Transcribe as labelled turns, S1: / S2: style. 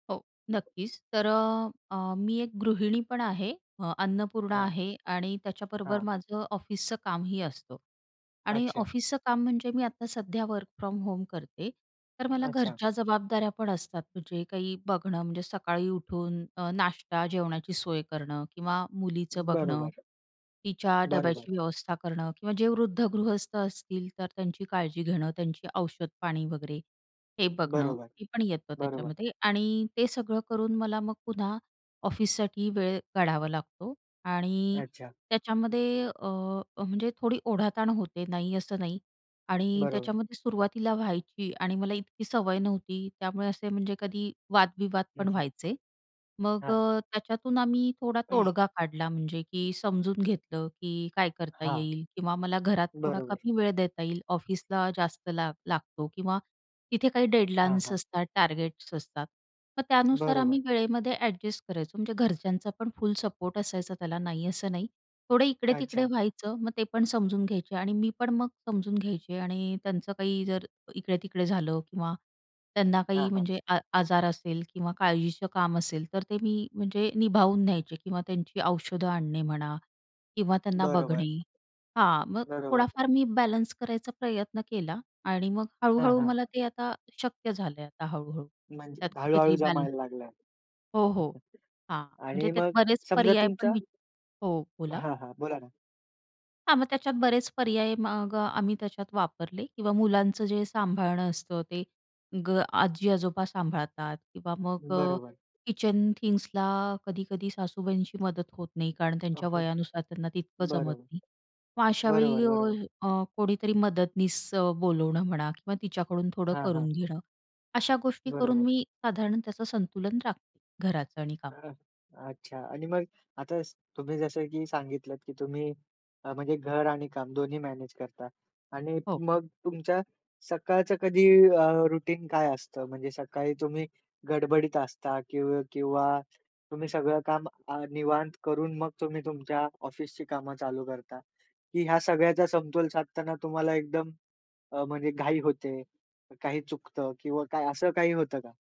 S1: हो, नक्कीच. तर अ, अ, मी एक गृहिणी पण आहे. अ, अन्नपूर्णा
S2: हां.
S1: आहे आणि त्याच्याबरोबर
S2: हां.
S1: माझं ऑफिसचं कामही असतं आणि
S2: अच्छा.
S1: ऑफिसचं काम म्हणजे मी आता सध्या वर्क फ्रॉम होम करते. तर मला
S2: अच्छा.
S1: घरच्या जबाबदाऱ्या पण असतात. म्हणजे काही बघणं, म्हणजे सकाळी उठून अ, नाष्टा, जेवणाची सोय करणं किंवा मुलीचं बघणं.
S2: बरोबर.
S1: तिच्या
S2: बरोबर.
S1: डब्याची व्यवस्था करणं किंवा जे वृद्ध गृहस्थ असतील तर त्यांची काळजी घेणं, त्यांची औषधपाणी वगैरे हे बघणं.
S2: बरोबर,
S1: हे पण येतं
S2: बरोबर.
S1: त्याच्यामध्ये आणि ते सगळं करून मला मग पुन्हा ऑफिससाठी वेळ काढावा लागतो आणि
S2: अच्छा.
S1: त्याच्यामध्ये अ, अ, म्हणजे थोडी ओढाताण होते. नाही असं नाही आणि
S2: बरोबर.
S1: त्याच्यामध्ये सुरुवातीला व्हायची आणि मला इतकी सवय नव्हती. त्यामुळे असे म्हणजे कधी वाद-विवाद
S2: हं,
S1: पण
S2: हं.
S1: व्हायचे. मग
S2: हां.
S1: अ, त्याच्यातून आम्ही थोडा तोडगा काढला. म्हणजे की समजून घेतलं, की काय करता
S2: हां.
S1: येईल किंवा मला घरात थोडा
S2: बरोबर.
S1: कमी वेळ देता येईल, ऑफिसला जास्त लाग लागतो किंवा तिथे काही
S2: हां,
S1: डेडलाईन्स
S2: हां.
S1: असतात, टार्गेट्स असतात. मग त्यानुसार
S2: बरोबर.
S1: आम्ही वेळेमध्ये ॲडजस्ट करायचो. म्हणजे घरच्यांचा पण फुल सपोर्ट असायचा त्याला, नाही असं नाही. थोडं इकडे-तिकडे
S2: अच्छा.
S1: व्हायचं. मग ते पण समजून घ्यायचे आणि मी पण मग समजून घ्यायचे आणि त्यांचं काही जर इकडे-तिकडे झालं किंवा त्यांना
S2: हां,
S1: काही
S2: हां.
S1: म्हणजे आ आजार असेल किंवा काळजीचं काम असेल, तर ते मी म्हणजे निभावून न्यायचे किंवा त्यांची औषधं आणणे म्हणा किंवा त्यांना
S2: बरोबर,
S1: बघणे हां, मग
S2: बरोबर.
S1: थोडाफार मी बॅलन्स करायचा प्रयत्न केला आणि मग
S2: हां,
S1: हळू-हळू
S2: हां.
S1: मला ते आता शक्य झालं आता हळू-हळू.
S2: म्हणजे
S1: त्यात
S2: हळू-हळू
S1: कुठेतरी बॅलन्स
S2: जमायला लागलं.
S1: हो, हो, हां,
S2: आणि
S1: म्हणजे त्यात
S2: मग
S1: बरेच
S2: समजा
S1: पर्याय
S2: तुमच्या
S1: पण वी हो, बोला?
S2: हां, हां. बोला ना?
S1: हां, मग त्याच्यात बरेच पर्याय मग आम्ही त्याच्यात वापरले किंवा मुलांचं जे सांभाळणं असतं ते ग आजी-आजोबा सांभाळतात किंवा मग अ,
S2: बरोबर.
S1: किचन थिंग्स ला कधी-कधी सासूबाईंची मदत होत नाही. कारण त्यांच्या
S2: हां,
S1: वयानुसार त्यांना तितकं जमत
S2: बरं.
S1: नाही. मग
S2: बरोबर,
S1: अशावेळी अ,
S2: बरोबर.
S1: अ, कोणीतरी मदतनीस अ, बोलावणं म्हणा किंवा तिच्याकडून थोडं
S2: हां, हां.
S1: करून घेणं, अशा गोष्टी करून
S2: बरोबर.
S1: मी साधारण त्याचं संतुलन राखते घराचं आणि कामाचं.
S2: [unintelligible] अच्छा आणि मग आता अस तुम्ही जसं की सांगितलत, की तुम्ही अ, म्हणजे घर आणि काम दोन्ही मॅनेज करता आणि
S1: हो.
S2: मग तुमच्या सकाळचं कधी अ, रुटीन काय असतं? म्हणजे सकाळी तुम्ही गडबडीत असता किंव किंवा तुम्ही सगळं काम अ, निवांत करून मग तुम्ही तुमच्या ऑफिसची कामं चालू करता, की ह्या सगळ्याचा समतोल साधताना तुम्हाला एकदम अ, म्हणजे घाई होते, काही चुकतं किंवा काय असं काही होतं का?